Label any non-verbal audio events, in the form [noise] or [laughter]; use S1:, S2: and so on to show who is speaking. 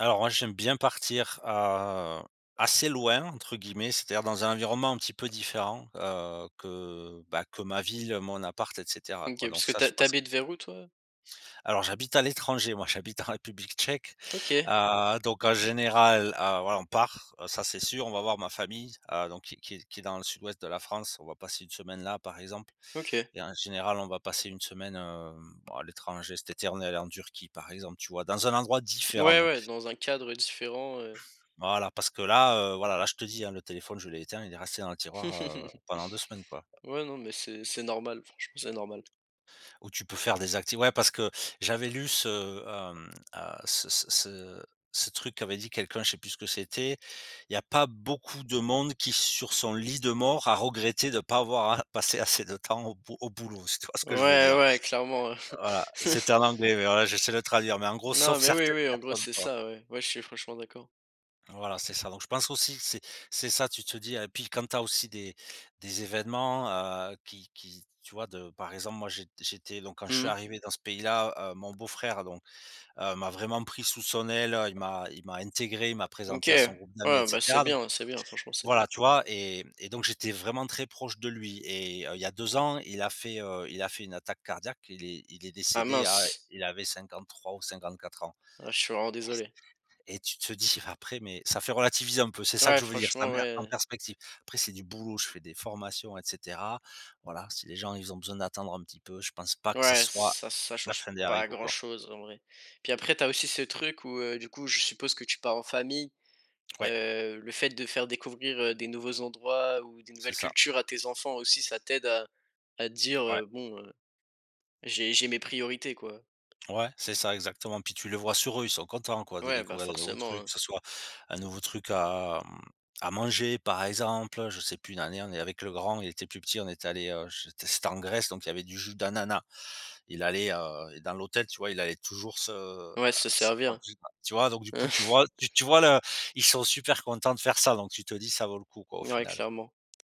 S1: Alors moi, j'aime bien partir à, heu, assez loin entre guillemets, c'est-à-dire dans un environnement un petit peu différent, heu, que, bah, que ma ville, mon appart et caetera
S2: OK,
S1: quoi. Donc
S2: parce que
S1: ça,
S2: tu
S1: je
S2: ha tu
S1: passe
S2: habites vers où, toi?
S1: Alors j'habite à l'étranger, moi j'habite en République tchèque,
S2: OK.
S1: heu, donc en général, heu, voilà on part, ça c'est sûr, on va voir ma famille, donc qui qui qui est dans le sud-ouest de la France, on va passer 1 semaine là, par exemple
S2: OK.
S1: et en général, on va passer 1 semaine, heu, à l'étranger, cet été, on est allé en Turquie, par exemple, tu vois, dans un endroit différent,
S2: Ouais,
S1: non
S2: ouais dans un cadre différent, heu
S1: Voilà parce que là, heu, voilà là, je te dis, le téléphone je l'ai éteint, il est resté dans le tiroir, heu,
S2: [chuckles]
S1: pendant 2 semaines, quoi.
S2: Ouais non mais c'est c'est normal franchement, c'est normal.
S1: Ou tu peux faire des acti ouais parce que j'avais lu ce, heu, mmh, heu, ce ce ce ce truc qui avait dit quelqu'un, je sais plus ce que c'était il y a pas beaucoup de monde qui sur son lit de mort a regretté de pas avoir à passer assez de temps au b au boulot, si tu vois ce que je veux
S2: Ouais,
S1: dire.
S2: ouais clairement.
S1: Voilà, c'était
S2: [chuckles]
S1: en anglais, mais voilà, j'essaie de traduire, mais en gros
S2: Non
S1: sauf
S2: mais oui,
S1: certaines
S2: oui, en gros
S1: personnes,
S2: c'est
S1: quoi.
S2: ça, ouais, ouais, je suis franchement d'accord.
S1: Voilà, c'est ça. Donc je pense aussi, que c'est c'est ça, tu te dis et puis quand tu as aussi des des événements, heu, qui qui tu vois de, par exemple, moi jé j'étais donc quand je
S2: Mmh
S1: suis
S2: mh.
S1: arrivé dans ce pays-là heu, mon beau-frère donc m'a vraiment pris sous son aile, il m'a il m'a intégré, il m'a
S2: OK,
S1: présenté à son
S2: ouais,
S1: groupe d'amis et
S2: bah c'est
S1: cetera don
S2: bien, c'est bien, franchement, c'est bien.
S1: voilà, tu vois et et donc j'étais vraiment très proche de lui et il y a 2 ans, il a fait, heu, il a fait une attaque cardiaque, il est il est
S2: Ah
S1: décédé à
S2: mince.
S1: il avait 53 ou 54 ans
S2: Ah je suis vraiment désolé.
S1: et tu te dire après, mais ça fait relativiser un peu, c'est ça que
S2: Ouais,
S1: je veux dire, ça
S2: franchement,
S1: met en
S2: ouais.
S1: perspective. Après c'est du boulot, je fais des formations et cetera. Voilà, si les gens, ils ont besoin d'attendre un petit peu, je pense pas que ça
S2: Ouais,
S1: soit
S2: ça ça
S1: la
S2: change
S1: fin des
S2: pas
S1: haricots, quoi.
S2: grand-chose, en vrai. Puis après tu as aussi ce truc où, heu, du coup je suppose que tu pars en famille,
S1: Ouais.
S2: heu, le fait de faire découvrir, heu, des nouveaux endroits ou des
S1: C'est
S2: nouvelles
S1: ça.
S2: cultures à tes enfants aussi ça t'aide à à
S1: Ouais.
S2: dire: «Bon, j'ai j'ai mes priorités, quoi».
S1: Ouais, c'est ça exactement. Puis tu le vois sur eux, ils sont contents quoi de
S2: Ouais, bah,
S1: découvrir des nouveaux
S2: forcément,
S1: trucs,
S2: hein.
S1: que ce soit un nouveau truc à, mmh, à manger, par exemple, je sais plus une année on est avec le grand, il était plus petit, on est allé je té c'était en Grèce, donc il y avait du jus d'ananas. Il allait, heu, dans l'hôtel, tu vois, il allait toujours se, heu,
S2: Ouais se
S1: se prendre.
S2: servir.
S1: [unintelligible] Tu vois, donc du coup tu
S2: [chuckles]
S1: vois tu vois là, ils sont super contents de faire ça, donc tu te dis, ça vaut le coup quoi, au
S2: Ouais,
S1: final.
S2: clairement.